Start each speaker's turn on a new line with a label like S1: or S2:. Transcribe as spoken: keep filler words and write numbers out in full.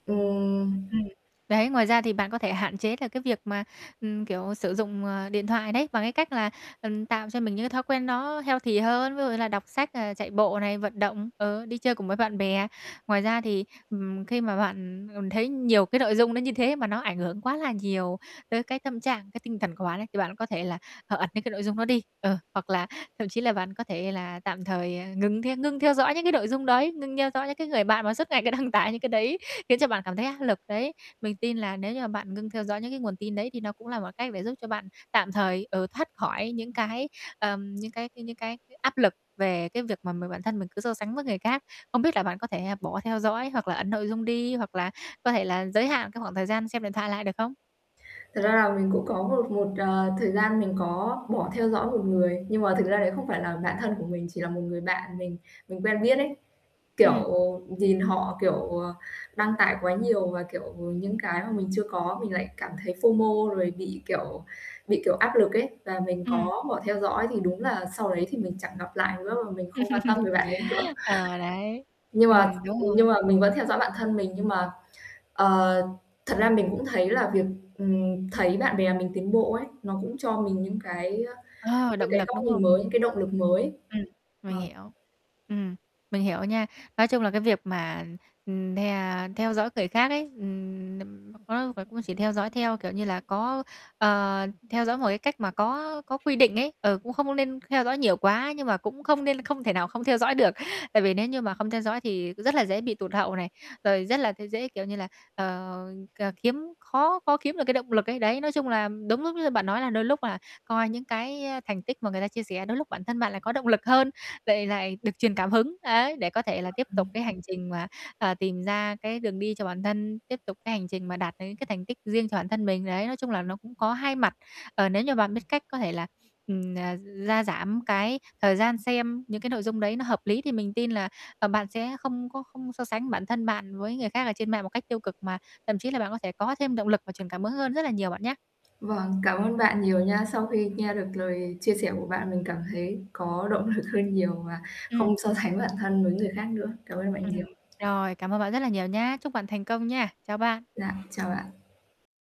S1: Ừm.
S2: Ừm. Đấy, ngoài ra thì bạn có thể hạn chế là cái việc mà, ừm, kiểu, sử dụng, à, điện thoại đấy bằng cái cách là, ừm, tạo cho mình những cái thói quen nó healthy hơn, ví dụ như là đọc sách, ờ, chạy bộ này, vận động, ờ, đi chơi cùng với bạn bè. Ngoài ra thì, ừm, khi mà bạn, ừm, thấy nhiều cái nội dung nó như thế mà nó ảnh hưởng quá là nhiều tới cái tâm trạng, cái tinh thần của bạn ấy thì bạn có thể là, ờ, ẩn những cái nội dung đó đi, ờ, hoặc là thậm chí là bạn có thể là tạm thời, ờ, ngừng the ngưng theo dõi những cái nội dung đấy, ngưng theo dõi những cái người bạn mà suốt ngày cứ đăng tải những cái đấy, khiến cho bạn cảm thấy áp lực đấy. Mình tin là nếu như mà bạn ngưng theo dõi những cái nguồn tin đấy thì nó cũng là một cách để giúp cho bạn tạm thời, ừ, thoát khỏi những cái, ờm, những cái c những cái [unintelligible] áp lực về cái việc mà m bản thân mình cứ so sánh với người khác. Không biết là bạn có thể bỏ theo dõi hoặc là ẩn nội dung đi hoặc là có thể là giới hạn cái khoảng thời gian xem điện thoại lại được không?
S1: Thật ra là mình cũng có một một, ờ, thời gian mình có bỏ theo dõi một người nhưng mà thực ra đấy không phải là bạn thân của mình, chỉ là một người bạn mình mình quen biết ấy, kiểu,
S2: Ừm.
S1: nhìn họ, kiểu, ờ, đăng tải quá nhiều và, kiểu, những cái mà mình chưa có mình lại cảm thấy F-O-M-O rồi bị, kiểu bị, kiểu, áp lực ấy và mình
S2: Ừm.
S1: có bỏ theo dõi thì đúng là sau đấy thì mình chẳng gặp lại nữa và mình không quan tâm về bạn ấy nữa.
S2: Ờ, đấy,
S1: Nhưng mà
S2: ừm, đúng
S1: ừm, nhưng
S2: rồi.
S1: mà mình vẫn theo dõi bạn thân mình nhưng mà ờ, thật ra mình cũng thấy là việc, ừm, thấy bạn bè mình tiến bộ ấy, nó cũng cho mình những cái, ơ,
S2: Ờ,
S1: những
S2: động
S1: cái
S2: lực
S1: góc
S2: đúng
S1: nhìn
S2: không?
S1: mới, những cái động lực mới.
S2: Ừm, mình
S1: Vâng.
S2: hiểu. Ừm, mình hiểu nha. Nói chung là cái việc mà, ừm, the theo dõi người khác ấy, ừm, [unintelligible] và cũng chỉ theo dõi theo, kiểu như là, có ờ, theo dõi một cái cách mà có có quy định ấy, ờ, cũng không có nên theo dõi nhiều quá nhưng mà cũng không nên không thể nào không theo dõi được. Tại vì nếu như mà không theo dõi thì rất là dễ bị tụt hậu này, rồi rất là tê dễ, kiểu như là, ờ, c kiếm khó khó kiếm được cái động lực ấy. Đấy, nói chung là đúng lúc như bạn nói là đôi lúc là coi những cái thành tích mà người ta chia sẻ đôi lúc bản thân bạn lại có động lực hơn, lại lại được truyền cảm hứng, ấy, để có thể là tiếp tục
S1: Vâng.
S2: cái hành trình mà, ờ, tìm ra cái đường đi cho bản thân, tiếp tục cái hành trình mà đạt được những cái thành tích riêng cho bản thân mình, đấy. Nói chung là nó cũng có hai mặt, ờ, nếu như bạn biết cách có thể là, ừm, ờ, gia giảm cái thời gian xem những cái nội dung đấy nó hợp lý thì mình tin là, ờ, bạn sẽ không có không so sánh bản thân bạn với người khác ở trên mạng một cách tiêu cực mà thậm chí là bạn có thể có thêm động lực và truyền cảm hứng hơn rất là nhiều bạn nhá.
S1: Vâng, cảm ơn bạn nhiều nha. Sau khi nghe được lời chia sẻ của bạn mình cảm thấy có động lực hơn nhiều và
S2: Ừm.
S1: không so sánh bản thân với người khác nữa. Cảm ơn bạn
S2: Ừm,
S1: nhiều.
S2: rồi, cảm ơn bạn rất là nhiều nhá. Chúc bạn thành công nha. Chào bạn.
S1: Dạ, chào bạn.